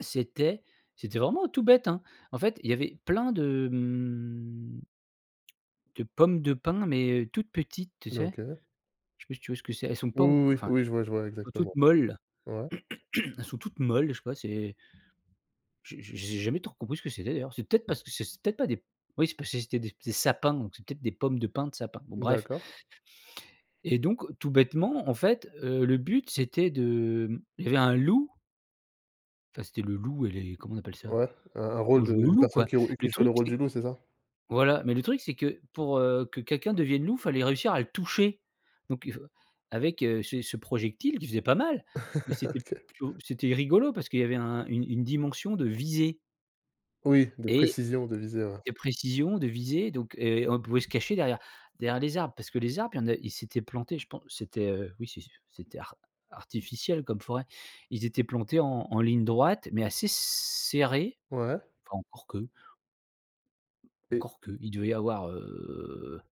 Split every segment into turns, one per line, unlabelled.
C'était c'était vraiment tout bête, hein. En fait, il y avait plein de, mmh de pommes de pins, mais heu, toutes petites, tu
D
sais,
OK.
je sais pas si tu vois ce que c'est? Elles sont
Oui,
pas enco
oui, oui,
enfin, elles
oui, je vois je vois
sont
exactement.
toutes molles,
Ouais.
elles sont toutes molles, je sais pas, c'est j'ai j'ai j'ai jamais trop compris ce que c'était d'ailleurs, c'est peut-être parce c'est c peut être pas des oui c parce que c'était des des sapins, donc c'est peut-être des pommes de pins de sapins. Bon bref
D'accord.
et donc tout bêtement, en fait, heu, le but, c'était de, mmh, il y avait un loup enfin, c'était le loup et les comment on appelle ça?
Ouais, un un
On
rôle de
jouait au
une
loup,
personne
quoi.
qui rou
Le
qui jouait
truc
le rôle
c'est
du loup, c'est ça?
voilà, mais le truc c'est que pour, heu, que quelqu'un devienne loup, fallait réussir à le toucher, donc il faut avec, heu, ce ce projectile qui faisait pas mal, mais c'était
OK.
plutôt c'était rigolo parce qu'il y avait un une une dimension de visée
Oui, de
et
précision, de visée, ouais.
et précision de visée, donc et on pouvait se cacher derrière derrière les arbres, parce que les arbres, il y en a, ils étaient plantés, je pen c'était, heu, oui, c'est ce c'était ar artificiel comme forêt. Ils étaient plantés en en ligne droite, mais assez serrés.
Ouais.
Enfin, encore que
Et
encore qu'il devait y avoir, heu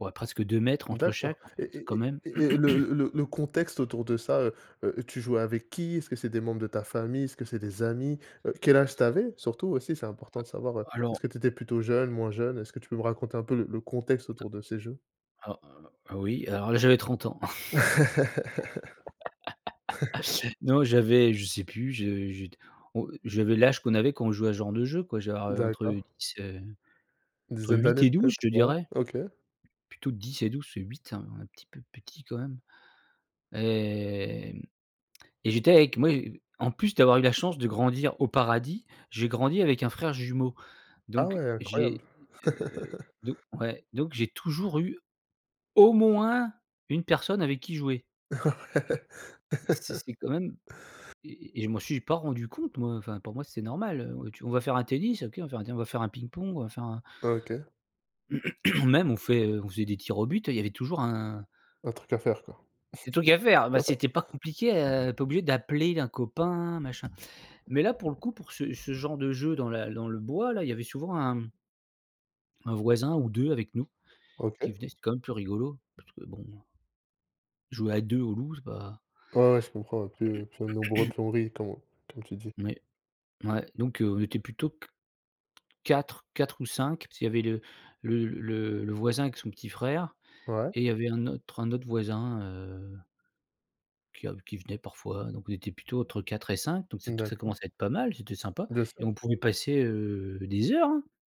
ouais, presque 2 m entre
D'accord,
chaque, en
et-
fait,
et
quand
et
même.
et et le le le le contexte autour de ça, heu heu, tu jouais avec qui? Est-ce que c'est des membres de ta famille? Est-ce que c'est des amis? Heu, quel âge tu avais? Surtout, aussi, c'est
Heu,
important de savoir, heu,
alors
est-ce que tu étais plutôt jeune, moins jeune? Est-ce que tu peux me raconter un peu le le contexte
A
autour de ces jeux?
alors, heu, oui, alors là, j'avais 30 ans. Non, j'avais je sais plus, je je t on j'avais l'âge qu'on avait quand on jouait à ce genre de jeu, quoi, je devais avoir entre
D'accord.
10, heu,
Une
entre
dizaine
8
d'années,
et 12, je
peut-être,
te
ouais,
dirais
OK.
plutôt 10 et 12, parce que 8, c'est un un petit peu petit quand même, et mmh, et j'étais avec moi en plus d'avoir eu la chance de grandir au paradis, j'ai grandi avec un frère jumeau,
Ah,
donc
ouais,
j'ai,
incroyable!
heu, donc ouais, donc j'ai toujours eu au moins 1 personne avec qui jouer.
Ouais.
C'est c'est quand même et et et je m'en suis pas rendu compte, moi, enfin, pour moi, c'est normal, heu, on tu on va faire un tennis, OK, on va faire un tennis, on va faire un ping-pong, on va faire un
OK.
même on fait, heu, on faisait des tirs au but et il y avait toujours un
Un truc à faire, quoi.
des trucs à faire, beh, c'était pas compliqué, heu, pas obligé d'appeler un copain, machin. Mais là, pour le coup, pour ce ce genre de jeu dans la dans le bois, là, il y avait souvent 1 1 voisin ou 2 avec nous, qui
OK.
venaient, c'est quand même plus rigolo, parce que, bon, heu jouer à 2 au loup, c'est pas
Ouais, ouais, je comprends, plus plus on est nombreux, plus on rit, comme on comme tu dis.
Oui, ouais, donc on était plutôt qu 4-4 ou 5, parce qu'il y avait le le le le voisin avec son petit frère,
Ouais.
et il y avait un autre un autre voisin, heu qui a qui venait parfois, heu, donc on était plutôt entre 4 et 5 donc c'est t ça
D'accord.
commençait à être pas mal, c'était sympa
Bien
et
sûr.
on pouvait passer, heu, des heures, hein.